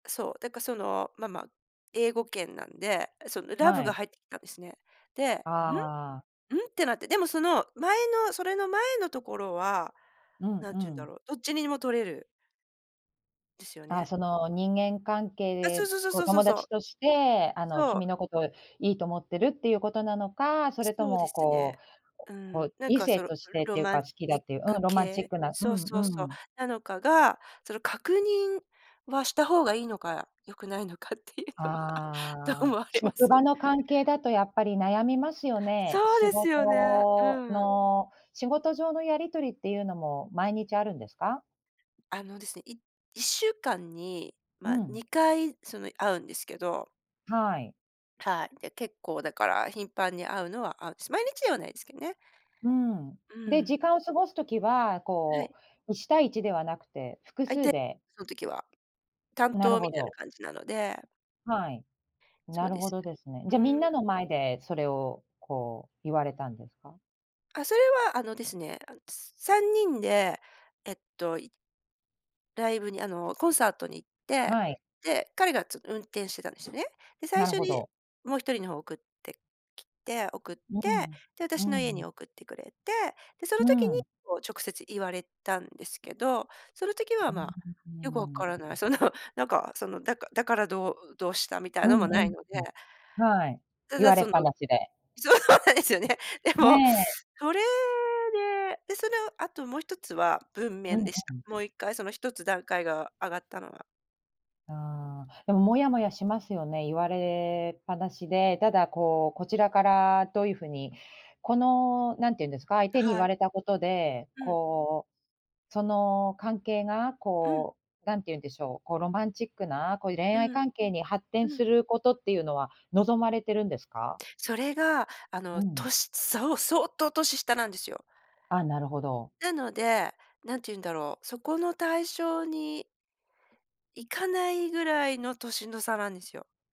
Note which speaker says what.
Speaker 1: そう、だからその、まま、英語圏なんで、そのラ
Speaker 2: は
Speaker 1: ブが
Speaker 2: い。
Speaker 1: 入ってきたんですね。で、ん、
Speaker 2: ああ。
Speaker 1: んってなって。でも、その前の、それの前のところは、
Speaker 2: うん
Speaker 1: なん
Speaker 2: う
Speaker 1: て言うんだ
Speaker 2: ん。
Speaker 1: ろう、どっちにでも取れる。ですよ
Speaker 2: あ、
Speaker 1: ね。
Speaker 2: その人間関係
Speaker 1: あ、そう
Speaker 2: で、
Speaker 1: そう
Speaker 2: こう
Speaker 1: そうそ
Speaker 2: 友
Speaker 1: うそ
Speaker 2: 達
Speaker 1: う。
Speaker 2: として、あの
Speaker 1: そう。
Speaker 2: 君のこといいと思ってるっていうことなのか、それと
Speaker 1: そうで
Speaker 2: も
Speaker 1: すね。
Speaker 2: こう
Speaker 1: う
Speaker 2: こ
Speaker 1: ん、
Speaker 2: う
Speaker 1: なん
Speaker 2: 異
Speaker 1: か
Speaker 2: 性
Speaker 1: その
Speaker 2: としてっ
Speaker 1: ロ
Speaker 2: ていう
Speaker 1: マ
Speaker 2: か
Speaker 1: ン
Speaker 2: 好きだ
Speaker 1: ティ
Speaker 2: っ
Speaker 1: ッ
Speaker 2: ていう、うん
Speaker 1: ク
Speaker 2: ロマンチッ
Speaker 1: 系、
Speaker 2: クな、う
Speaker 1: そう
Speaker 2: ん
Speaker 1: そう
Speaker 2: う
Speaker 1: そう、
Speaker 2: ん。
Speaker 1: なのかが、その確認は、した方がいいのか、良くないのかっていうのは、どう
Speaker 2: ああ、
Speaker 1: 思われま
Speaker 2: 職場
Speaker 1: す？
Speaker 2: の関係だとやっぱり悩みますよね。
Speaker 1: そう
Speaker 2: 仕
Speaker 1: ですよね、
Speaker 2: 事
Speaker 1: うん。
Speaker 2: の仕事上のやりとりっていうのも毎日あるんですか？
Speaker 1: あのですね、い1週間に、
Speaker 2: う
Speaker 1: まあ、
Speaker 2: ん。
Speaker 1: 2回その会うんですけど。
Speaker 2: はい。
Speaker 1: はい、で、結構だから頻繁に会うのは会うし、毎日ではないですけどね。
Speaker 2: うん、
Speaker 1: う
Speaker 2: で
Speaker 1: ん。
Speaker 2: 時間を過ごす時は
Speaker 1: は
Speaker 2: こ
Speaker 1: い。
Speaker 2: う、1対1ではなくて複
Speaker 1: 相
Speaker 2: 数
Speaker 1: 手、
Speaker 2: で。
Speaker 1: その時は、担
Speaker 2: なる
Speaker 1: 当み
Speaker 2: ほ
Speaker 1: たいな
Speaker 2: ど。
Speaker 1: 感じなので。
Speaker 2: はい、な
Speaker 1: そう
Speaker 2: る
Speaker 1: で
Speaker 2: ほ
Speaker 1: す。
Speaker 2: どですね、じ
Speaker 1: う
Speaker 2: ゃ
Speaker 1: ん。
Speaker 2: みんなの前でそれをこう言われたんですか？
Speaker 1: あ、それはあのですね、あ、つ3人で、えっと、いライブにあの、コンサートに行って、
Speaker 2: はい。
Speaker 1: で、彼がちょっと運転してたんですよね。で、最
Speaker 2: なる
Speaker 1: 初
Speaker 2: ほ
Speaker 1: に
Speaker 2: ど。
Speaker 1: もう1人の方を送ってきて、送って、
Speaker 2: うん、
Speaker 1: で、私
Speaker 2: う
Speaker 1: の家
Speaker 2: ん。
Speaker 1: に送ってくれて、で、その
Speaker 2: う
Speaker 1: 時に
Speaker 2: ん。
Speaker 1: こう直接言われたんですけど、その時は
Speaker 2: う
Speaker 1: まあよく分
Speaker 2: ーん。
Speaker 1: からない。そのなんか、そのだかだから、どうどうしたみたい
Speaker 2: う
Speaker 1: なの
Speaker 2: ん
Speaker 1: もな
Speaker 2: う
Speaker 1: い
Speaker 2: ん、
Speaker 1: ので。
Speaker 2: うん。はい、
Speaker 1: た
Speaker 2: 言
Speaker 1: だ、
Speaker 2: われ
Speaker 1: そ
Speaker 2: っ
Speaker 1: の、
Speaker 2: ぱなしで。
Speaker 1: そうなんですよね。で
Speaker 2: ね
Speaker 1: も、
Speaker 2: え。
Speaker 1: それで、で、そのあともう1つは、文
Speaker 2: う
Speaker 1: 面
Speaker 2: ん
Speaker 1: でし
Speaker 2: う
Speaker 1: た。
Speaker 2: ん。
Speaker 1: もう1回その1つ段階が上がったのは。
Speaker 2: ああ、でも、もやもやしますよね、言われっぱなしで、ただこう、こちらからどういうふうに、このなんていうんですか、相手に言
Speaker 1: は
Speaker 2: わ
Speaker 1: い。
Speaker 2: れたことで、
Speaker 1: うん。
Speaker 2: こう、その関係が
Speaker 1: うん。
Speaker 2: こうなんていうんでしょう、こうロマンチックな、こういう恋
Speaker 1: う
Speaker 2: 愛
Speaker 1: ん。
Speaker 2: 関係に発展
Speaker 1: う
Speaker 2: す
Speaker 1: ん。
Speaker 2: ることっていうのは望まれてるんですか？
Speaker 1: それが、あ
Speaker 2: う
Speaker 1: の
Speaker 2: ん。
Speaker 1: 年、そう、相当年下なんですよ。
Speaker 2: あ、なるほど。
Speaker 1: なので、なんて言うんだろう、そこの対象に行かないぐらいの年の差なんですよ。